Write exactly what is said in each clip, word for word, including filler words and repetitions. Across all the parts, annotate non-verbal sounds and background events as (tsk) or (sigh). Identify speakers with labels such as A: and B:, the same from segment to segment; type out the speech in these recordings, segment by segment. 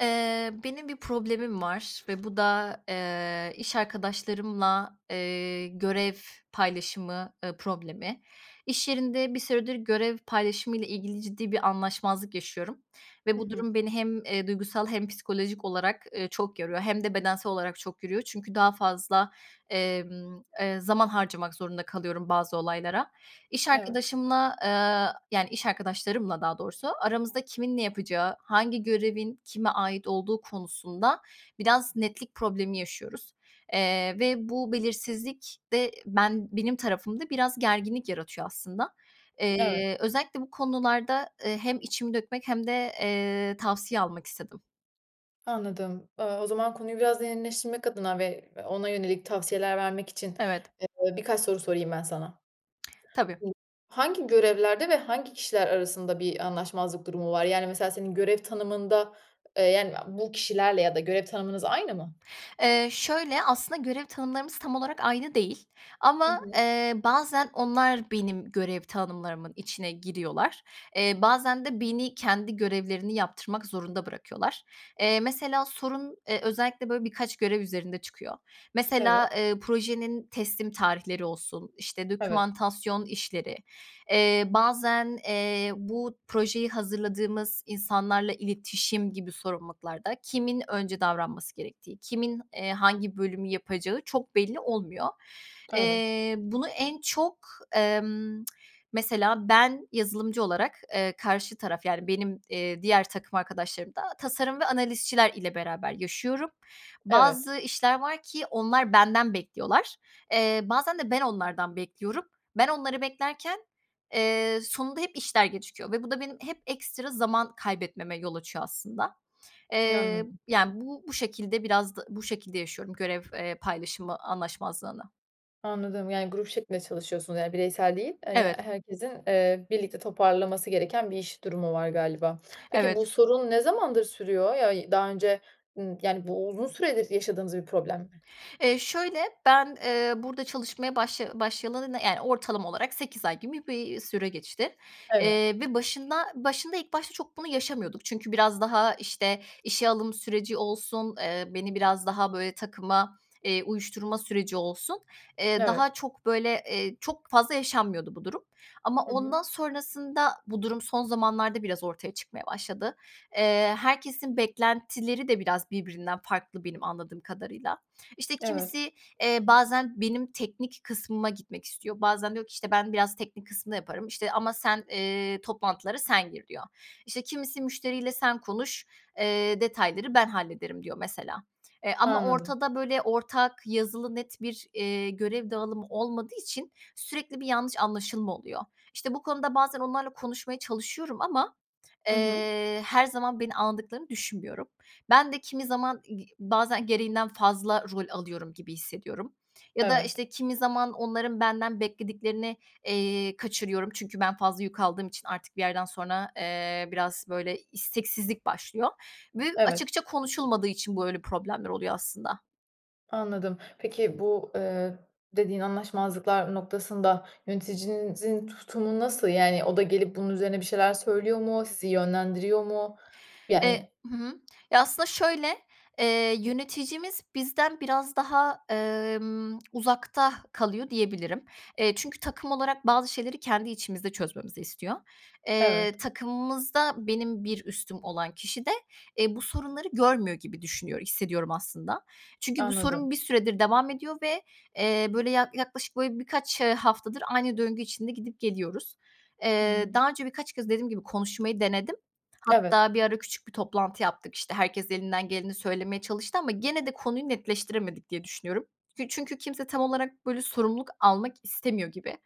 A: Eee, benim bir problemim var ve bu da, eee, iş arkadaşlarımla, eee, görev paylaşımı, ııı, problemi. İş yerinde bir süredir görev paylaşımıyla ilgili ciddi bir anlaşmazlık yaşıyorum ve
B: Hı
A: bu
B: hı.
A: durum beni hem, eee, duygusal hem psikolojik olarak, ııı, çok yoruyor hem de bedensel olarak çok yoruyor çünkü daha fazla emm, eee, zaman harcamak zorunda kalıyorum bazı olaylara. İş
B: Evet.
A: arkadaşımla, ııı, yani, iş arkadaşlarımla daha doğrusu aramızda kimin ne yapacağı, hangi görevin kime ait olduğu konusunda biraz netlik problemi yaşıyoruz, eee, ve bu belirsizlik de ben benim tarafımda biraz gerginlik yaratıyor aslında.
B: Evet.
A: Eee, özellikle bu konularda, eee, hem içimi dökmek hem de, eee, tavsiye almak istedim.
B: Anladım. Eee, o zaman konuyu biraz derinleştirmek adına ve ona yönelik tavsiyeler vermek için,
A: Evet.
B: eee, birkaç soru sorayım ben sana.
A: Tabii.
B: Hangi görevlerde ve hangi kişiler arasında bir anlaşmazlık durumu var? Yani, mesela, senin görev tanımında, ııı, yani, bu kişilerle ya da görev tanımınız aynı mı?
A: Eee, şöyle, aslında görev tanımlarımız tam olarak aynı değil
B: Hı
A: ama,
B: hı.
A: eee, bazen onlar benim görev tanımlarımın içine giriyorlar, eee, bazen de beni kendi görevlerini yaptırmak zorunda bırakıyorlar. Eee, mesela sorun, eee, özellikle, böyle, birkaç görev üzerinde çıkıyor.
B: Evet.
A: Mesela, eee, projenin teslim tarihleri olsun, işte,
B: Tabii.
A: dokümantasyon işleri, eee, bazen, eee, bu projeyi hazırladığımız insanlarla iletişim gibi sorumluluklarda kimin önce davranması gerektiği, kimin, eee, hangi bölümü yapacağı çok belli olmuyor.
B: Evet.
A: Eee, bunu en çok, ımm, (tsk) mesela ben yazılımcı olarak, eee, karşı taraf, yani, benim, eee, diğer takım arkadaşlarım da tasarım ve analistçiler ile beraber yaşıyorum.
B: Evet.
A: Bazı işler var ki, onlar benden bekliyorlar. Eee, bazen de ben onlardan bekliyorum. Ben onları beklerken, eee, sonunda hep işler gecikiyor ve bu da benim hep ekstra zaman kaybetmeme yol açıyor aslında. Eee,
B: Anladım.
A: yani, bu bu şekilde biraz d bu şekilde yaşıyorum görev, eee, paylaşımı anlaşmazlığını.
B: Anladım, yani grup şeklinde çalışıyorsunuz, yani bireysel değil, hani,
A: Evet.
B: herkesin, eee, birlikte toparlaması gereken bir iş durumu var galiba. Peki, bu
A: Evet.
B: sorun ne zamandır sürüyor ya, daha önce, ımm, yani bu uzun süredir yaşadığınız bir problem mi?
A: Eee, şöyle, ben, eee, burada çalışmaya başlaya başlayalı, yani, ortalama olarak sekiz ay gibi bir süre geçti,
B: Evet.
A: eee, ve başında başında ilk başta çok bunu yaşamıyorduk. Çünkü biraz daha, işte, işe alım süreci olsun, eee, beni biraz daha, böyle, takıma, eee, uyuşturma süreci olsun, eee,
B: Evet.
A: daha çok, böyle, eee, çok fazla yaşanmıyordu bu durum. Ama
B: Hı hı.
A: ondan sonrasında bu durum son zamanlarda biraz ortaya çıkmaya başladı. Eee, herkesin beklentileri de biraz birbirinden farklı benim anladığım kadarıyla. İşte,
B: Evet.
A: kimisi, eee, bazen benim teknik kısmıma gitmek istiyor. Bazen diyor ki, işte, "Ben biraz teknik kısmı yaparım." İşte, ama "Sen, eee, toplantılara sen gir." diyor. İşte, kimisi, "Müşteriyle sen konuş, eee, detayları ben hallederim." diyor mesela. E, ama
B: Anladım.
A: ortada böyle ortak yazılı net bir, iii, görev dağılımı olmadığı için sürekli bir yanlış anlaşılma oluyor. İşte, bu konuda bazen onlarla konuşmaya çalışıyorum ama,
B: Hı hı.
A: eee, her zaman beni alındıklarını düşünmüyorum. Ben de kimi zaman gi bazen gereğinden fazla rol alıyorum gibi hissediyorum ya da,
B: Evet.
A: işte, kimi zaman onların benden beklediklerini, eee, kaçırıyorum. Çünkü ben fazla yük aldığım için artık bir yerden sonra, eee, biraz, böyle, isteksizlik başlıyor ve
B: Evet.
A: açıkça konuşulmadığı için böyle problemler oluyor aslında.
B: Anladım. Peki, bu, eee, dediğin anlaşmazlıklar noktasında yöneticinizin tutumu nasıl? Yani, o da gelip bunun üzerine bir şeyler söylüyor mu? Sizi yönlendiriyor mu?
A: Eee.
B: Yani.
A: Hı hı. Ya, aslında, şöyle, eee, yöneticimiz bizden biraz daha, emm, (smacks lips) uzakta kalıyor diyebilirim. Eee, çünkü takım olarak bazı şeyleri kendi içimizde çözmemizi istiyor. Eee,
B: Evet.
A: takımımızda benim bir üstüm olan kişi de, eee, bu sorunları görmüyor gibi düşünüyor, hissediyorum, aslında. Çünkü bu
B: Anladım.
A: sorun bir süredir devam ediyor ve, eee, böyle, ya yaklaşık, böyle, birkaç, eee, haftadır aynı döngü için de gidip geliyoruz. Eee,
B: Hıı.
A: daha önce birkaç kez dediğim gibi konuşmayı denedim.
B: Evet.
A: Hatta bir ara küçük bir toplantı yaptık. İşte, herkes elinden geleni söylemeye çalıştı ama gene de konuyu netleştiremedik diye düşünüyorum. Çünkü kimse tam olarak, böyle, sorumluluk almak istemiyor gibi.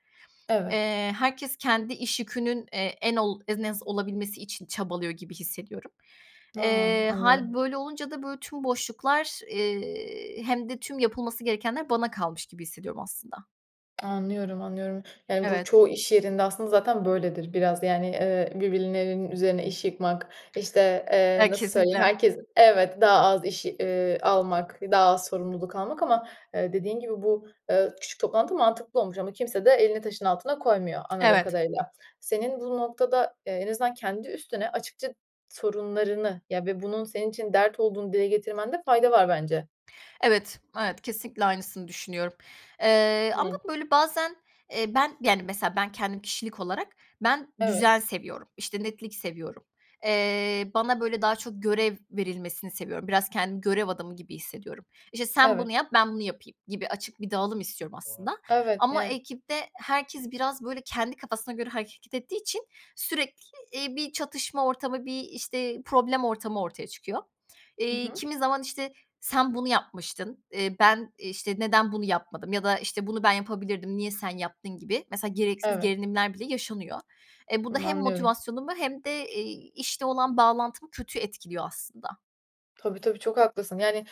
B: Evet.
A: Eee, herkes kendi iş yükünün, eee, en ol en az olabilmesi için çabalıyor gibi hissediyorum.
B: A,
A: Eee, hâl
B: anlıyorum.
A: böyle olunca da, böyle, tüm boşluklar, eee, hem de tüm yapılması gerekenler bana kalmış gibi hissediyorum, aslında.
B: Anlıyorum, anlıyorum. Yani, bu
A: Evet.
B: çoğu iş yerinde, aslında, zaten böyledir biraz. Yani, eee, birbirlerinin üzerine iş yıkmak, işte,
A: Eee,
B: eee, nasıl söyleyeyim,
A: kesinlikle.
B: herkes, evet, daha az iş, eee, almak, daha az sorumluluk almak ama, eee, dediğin gibi bu, eee, küçük toplantı mantıklı olmuş ama kimse de elini taşın altına koymuyor anladığım
A: Evet.
B: kadarıyla. Senin bu noktada, eee, en azından kendi üstüne açıkça sorunlarını, ya, ve bunun senin için dert olduğunu dile getirmende fayda var bence.
A: Evet, evet, kesinlikle aynısını düşünüyorum, eee, ama
B: Hıı.
A: böyle bazen, eee, ben, yani, mesela, ben kendim kişilik olarak ben
B: Evet.
A: düzen seviyorum, işte, netlik seviyorum, eee, bana böyle daha çok görev verilmesini seviyorum, biraz kendimi görev adamı gibi hissediyorum. "İşte, sen
B: Evet.
A: bunu yap, ben bunu yapayım," gibi açık bir dağılım istiyorum, aslında,
B: Evet.
A: ama
B: (unintelligible)
A: ekipte herkes biraz böyle kendi kafasına göre hareket ettiği için sürekli, iii, bir çatışma ortamı, bir, işte, problem ortamı ortaya çıkıyor.
B: Hı
A: Eee,
B: hı.
A: kimi zaman, işte, "Sen bunu yapmıştın, eee, ben, işte, neden bunu yapmadım?" ya da, işte, "Bunu ben yapabilirdim, niye sen yaptın?" gibi, mesela, gereksiz
B: Evet.
A: gerilimler bile yaşanıyor. Eee, bu da
B: Hımm,
A: hem
B: anlıyorum.
A: motivasyonumu hem de, eee, işle olan bağlantımı kötü etkiliyor, aslında.
B: Tabii, tabii, çok haklısın, yani,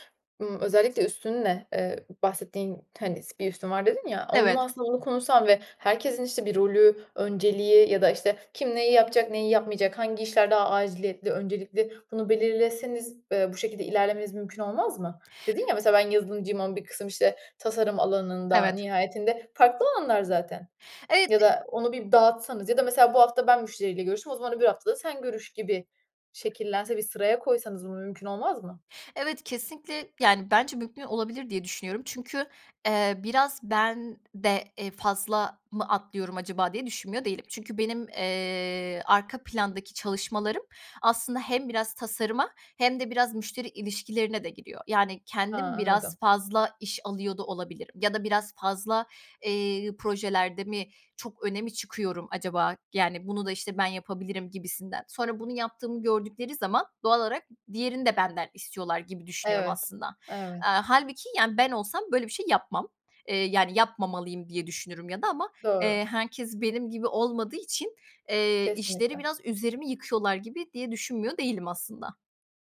B: ımm, özellikle üstünle, eee, bahsettiğin, hani, s "bir üstün var" dedin, ya, onunla,
A: Evet.
B: aslında, onu konuşsan ve herkesin, işte, bir rolü, önceliği ya da, işte, kim neyi yapacak, neyi yapmayacak, hangi işler daha aciliyetli, öncelikli, bunu belirleseniz, eee, bu şekilde ilerlemeniz mümkün olmaz mı? Dedin ya mesela, "Ben yazılımcıyım ama bir kısım, işte, tasarım alanında."
A: Evet.
B: nihayetinde farklı alanlar zaten.
A: Evet.
B: Ya
A: (unintelligible)
B: da onu bir dağıtsanız ya da mesela, "Bu hafta ben müşteriyle görüştüm. O zaman öbür hafta da sen görüş." gibi şekillense bir sıraya koysanız bunu mümkün olmaz mı?
A: Evet, kesinlikle yani, bence mümkün olabilir diye düşünüyorum çünkü, eee, biraz ben de, eee, "Fazla mı atlıyorum acaba?" diye düşünmüyor değilim. Çünkü benim, eee, arka plandaki çalışmalarım aslında hem biraz tasarıma hem de biraz müşteri ilişkilerine de giriyor. Yani,
B: A,
A: kendim biraz
B: anladım.
A: fazla iş alıyor da olabilirim ya da biraz fazla, eee, projelerde mi çok öne mi çıkıyorum acaba? Yani, "Bunu da, işte, ben yapabilirim." gibisinden. Sonra bunu yaptığımı gördükleri zaman doğal olarak diğerini de benden istiyorlar gibi düşünüyorum,
B: Evet,
A: aslında.
B: evet.
A: Aaa, hâlbuki, yani, ben olsam böyle bir şey yapmam, eee, yani, yapmamalıyım diye düşünürüm ya da ama,
B: Doğru.
A: eee, herkes benim gibi olmadığı için, eee, işleri
B: Kesinlikle.
A: biraz üzerime yıkıyorlar gibi diye düşünmüyor değilim, aslında.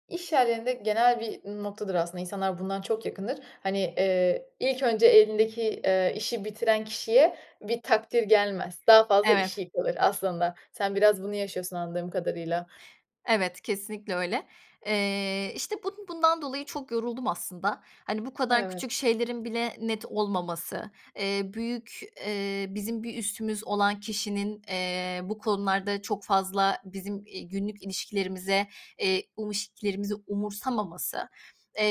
B: İş yerlerinde genel bir noktadır, aslında, insanlar bundan çok yakındır. Hani, eee, ilk önce elindeki, eee, işi bitiren kişiye bir takdir gelmez, daha fazla iş
A: Evet.
B: yıkılır aslında. Sen biraz bunu yaşıyorsun anladığım kadarıyla.
A: Evet, kesinlikle öyle. Eee, işte, bun bundan dolayı çok yoruldum aslında. Hani, bu kadar
B: Evet.
A: küçük şeylerin bile net olmaması, eee, büyük eee, bizim bir üstümüz olan kişinin, eee, bu konularda çok fazla bizim, iii, günlük ilişkilerimize, eee, um ilişkilerimizi umursamaması.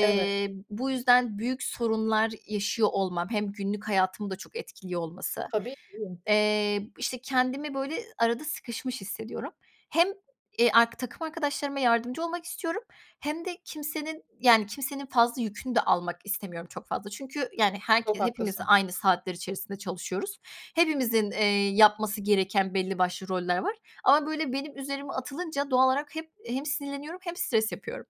B: Evet.
A: bu yüzden büyük sorunlar yaşıyor olmam hem günlük hayatımı da çok etkiliyor olması,
B: Tabii ki.
A: eee, işte, kendimi, böyle, arada sıkışmış hissediyorum. Hem, eee, ark takım arkadaşlarıma yardımcı olmak istiyorum hem de kimsenin yani, kimsenin fazla yükünü de almak istemiyorum çok fazla çünkü, yani,
B: Çok
A: herke hepimiz
B: haklısın.
A: aynı saatler içerisinde çalışıyoruz. Hepimizin, eee, yapması gereken belli başlı roller var ama böyle benim üzerime atılınca doğal olarak hep hem sinirleniyorum hem stres yapıyorum.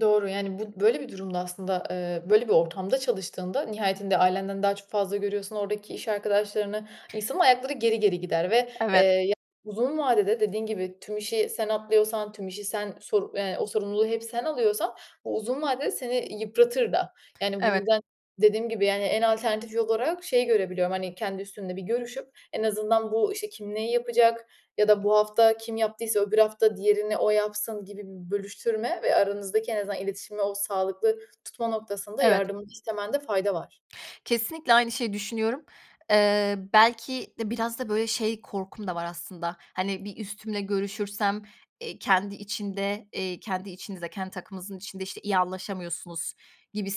B: Doğru, yani, bu böyle bir durumda, aslında, eee, böyle bir ortamda çalıştığında nihayetinde ailenden daha çok fazla görüyorsun oradaki iş arkadaşlarını. İnsanın ayakları geri geri gider ve, eee,
A: Evet.
B: ya, uzun vadede dediğin gibi tüm işi sen atlıyorsan, tüm işi sen sor eee, o sorumluluğu hep sen alıyorsan o uzun vadede seni yıpratır da. Yani, bu
A: Evet.
B: yüzden dediğim gibi, yani, en alternatif yolarak şey görebiliyorum, hani, kendi üstünle bir görüşüp en azından bu, işte, "Kim neyi yapacak? Ya da bu hafta kim yaptıysa öbür hafta diğerini o yapsın." gibi bir bölüştürme ve aranızdaki en azından iletişimi o sağlıklı tutma noktasında
A: Evet.
B: yardımını istemende fayda var.
A: Kesinlikle aynı şeyi düşünüyorum. Eee, belki de biraz da, böyle, şey korkum da var aslında, hani, bir üstümle görüşürsem, eee, "Kendi içinde eee, kendi içinizde, kendi takımınızın içinde, işte, iyi anlaşamıyorsunuz."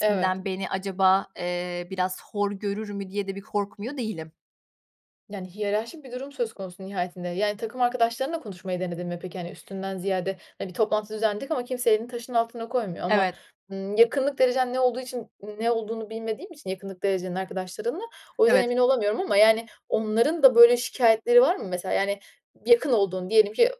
B: Evet.
A: beni acaba, eee, biraz hor görür mü diye de bir korkmuyor değilim.
B: Yani, hiyerarşik bir durum söz konusu nihayetinde. Yani, takım arkadaşlarınla konuşmayı denedin mi peki, hani, üstünden ziyade, hani, "Bir toplantı düzenledik ama kimse elini taşın altına koymuyor." ama,
A: Evet.
B: ımm, yakınlık derecen ne olduğu için ne olduğunu bilmediğim için yakınlık derecenin arkadaşlarınla, o yüzden
A: Evet.
B: emin olamıyorum ama, yani, onların da böyle şikâyetleri var mı? Mesela, yani, yakın olduğun, diyelim ki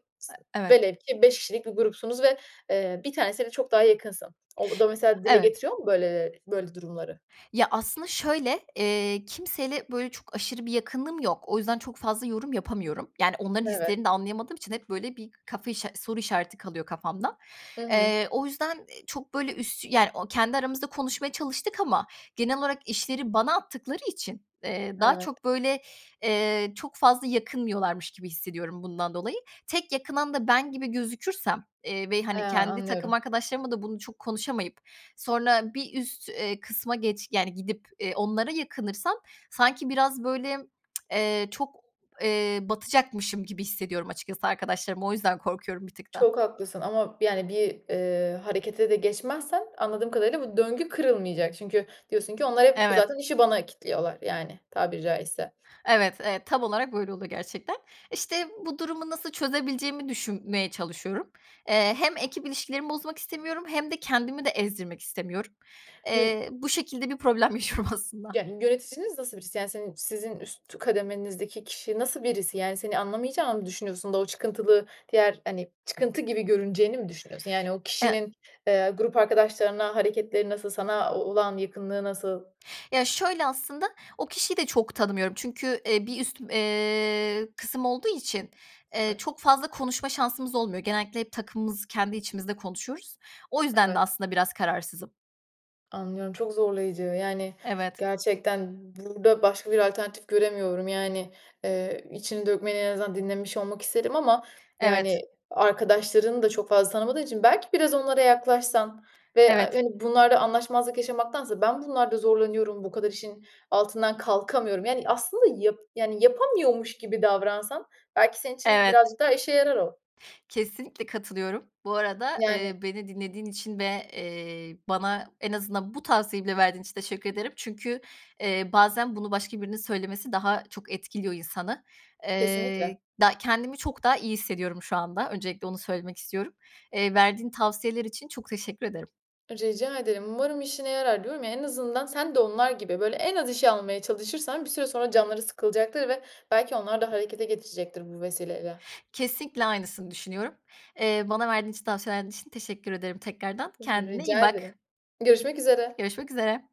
A: Evet.
B: velev ki beş kişilik bir grupsunuz ve, eee, bir tanesiyle çok daha yakınsın. O da mesela dile
A: Evet.
B: getiriyor mu, böyle, ııı, böyle durumları?
A: Ya, aslında, şöyle, eee, kimseyle, böyle, çok aşırı bir yakınlığım yok, o yüzden çok fazla yorum yapamıyorum. Yani, onların
B: Evet.
A: hislerini de anlayamadığım için hep, böyle, bir kafa işa soru işareti kalıyor kafamda.
B: Hı hı.
A: Eee, o yüzden i çok, böyle, üst, yani, kendi aramızda konuşmaya çalıştık ama genel olarak işleri bana attıkları için, eee, daha
B: Evet.
A: çok, böyle, eee, çok fazla yakınmıyorlarmış gibi hissediyorum bundan dolayı. Tek yakınan da ben gibi gözükürsem, eee, ve,
B: Ha,
A: hani, kendi takım
B: anlıyorum.
A: arkadaşlarımla da bunu çok konuşamayıp, sonra bir üst, eee, kısma geç yani, gidip, eee, onlara yakınırsam, sanki biraz (tsk) böyle, eee, çok, eee, batacakmışım gibi hissediyorum açıkçası arkadaşlarıma. O yüzden korkuyorum bir tık daha.
B: Çok haklısın ama, yani, bir, eee, harekete de geçmezsen anladığım kadarıyla bu döngü kırılmayacak çünkü diyorsun ki "Onlar hep,
A: Evet.
B: zaten, işi bana kilitliyorlar." yani, tabiri caizse.
A: Evet, evet tam olarak böyle oluyor gerçekten. İşte bu durumu nasıl çözebileceğimi düşünmeye çalışıyorum. Eee, hem ekip ilişkilerimi bozmak istemiyorum hem de kendimi de ezdirmek istemiyorum.
B: (unintelligible)
A: Eee, bu şekilde bir problem yaşıyorum aslında.
B: Yöneticiniz nasıl birisi? Yani, senin sizin üst kademenizdeki kişi nasıl birisi? Yani, seni anlamayacağını mı düşünüyorsun da o çıkıntılı diğer hani çıkıntı gibi görüneceğini mi düşünüyorsun? Yani, o
A: (unintelligible)
B: kişinin, eee, grup arkadaşlarına hareketleri nasıl, sana o olan yakınlığı nasıl?
A: Ya, şöyle aslında o kişiyi de çok tanımıyorum çünkü, eee, bir üstüm eee, kısım olduğu için, eee,
B: Evet.
A: çok fazla konuşma şansımız olmuyor, genellikle hep takımımızı kendi içimizde konuşuyoruz. O yüzden de
B: Evet.
A: aslında biraz kararsızım.
B: Anlıyorum çok zorlayıcı yani
A: Evet.
B: gerçekten burada başka bir alternatif göremiyorum yani, eee, içini dökmeni en azından dinlemiş olmak isterim ama
A: Evet.
B: yani arkadaşlarını da çok fazla tanımadığım için belki biraz onlara yaklaşsan ve
A: Evet.
B: hani bunlarla anlaşmazlık yaşamaktansa ben bunlarda zorlanıyorum, bu kadar işin altından kalkamıyorum. Yani aslında yap yani yapamıyormuş gibi davransan belki senin için
A: Evet.
B: birazcık daha işe yarar o.
A: Kesinlikle katılıyorum. Bu arada,
B: Yani.
A: eee, beni dinlediğin için ve, eee, bana en azından bu tavsiyeyi bile verdiğin için teşekkür ederim. Çünkü, eee, bazen bunu başka birinin söylemesi daha çok etkiliyor insanı. Eee,
B: Kesinlikle.
A: da kendimi çok daha iyi hissediyorum şu anda öncelikle onu söylemek istiyorum. Eee, verdiğin tavsiyeler için çok teşekkür ederim.
B: Rica ederim. Umarım işine yarar, diyorum ya. En azından sen de onlar gibi, böyle, en az işi almaya çalışırsan bir süre sonra canları sıkılacaktır ve belki onlar da harekete geçecektir bu vesileyle.
A: Kesinlikle aynısını düşünüyorum. Eee, bana verdiğin için, tavsiyeler için teşekkür ederim tekrardan.
B: Rı
A: Kendine iyi
B: rica
A: bak.
B: ederim. Görüşmek üzere.
A: Görüşmek üzere.